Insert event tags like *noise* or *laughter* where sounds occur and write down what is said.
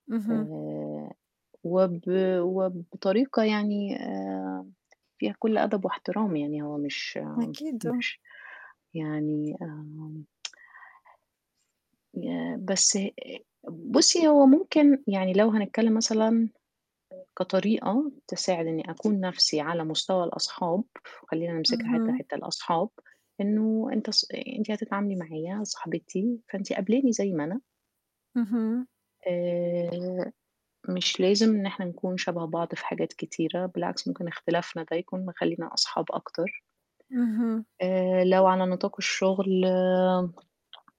اهم. آآ وب وبطريقة يعني آآ فيها كلّ أدب واحترام يعني هو مش أكيد، آه. مش يعني آآ *tsk* آآ بس بُصّي هو ممكن يعني لو هنتكلّم مثلًا كطريقة تساعد إني أكون نفْسي على مستوى الأصحاب، وخلّينا نمسكها حتّة، اهم. حتّة الأصحاب، إنه أنت ص أ أنتِ هتتعاملي معايا صاحبتي فأنتِ قابلاني زي ما أنا اهم. آآ مش لازم إن إحنا نكون شبه بعض في حاجات كتيرة، بالعكس ممكن اختلافنا ده يكون مخلِّينا أصحاب أكتر اهم. آآ لو على نطاق الشغل آمم